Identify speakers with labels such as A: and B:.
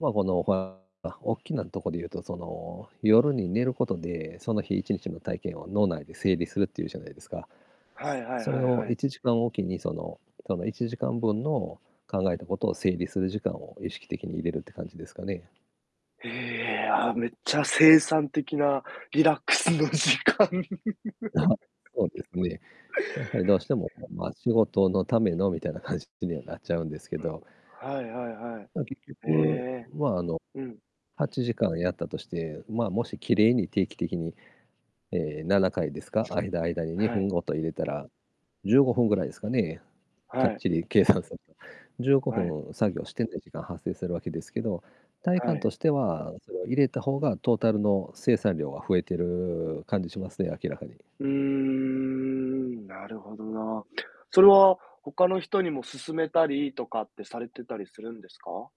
A: まあ、この、ふぁあ、おっきなとこで言うと、その、夜に寝ることで、その日一日の体験を脳内で整理するっていうじゃないですか。
B: はいはい
A: そ
B: は
A: れ
B: い
A: を
B: はい。
A: 1時間おきに、その、との1時間分の、考えたことを整理する時間を意識的に入れるって感じですかね？
B: へえ、あ、めっちゃ生産的なリラックスの時間。
A: あは、そうです ね。やはりどうしても、まま、仕事のための、みたいな感じにはなっちゃうんですけど。
B: はいはいはい。
A: ま、結
B: え
A: 局、
B: え。
A: ま、あの、
B: うん。
A: 8時間やったとして、ま、もしきれいに定期的に、ええ、7回ですか？間、間にに
B: は
A: ふん
B: い。
A: 毎入れたら、15分ぐらいですかね、か
B: は
A: っ
B: い。
A: ちり計算すると、じゅうごふ
B: はい。
A: ん作業してない時間発生するわけですけど、体
B: は
A: 感
B: い。
A: としては、それを入れた方がトータルの生産量は増えてる感じしますね、明らかに。
B: うーん、なるほどな。それは他の人にも勧めたりとかってされてたりするんですか？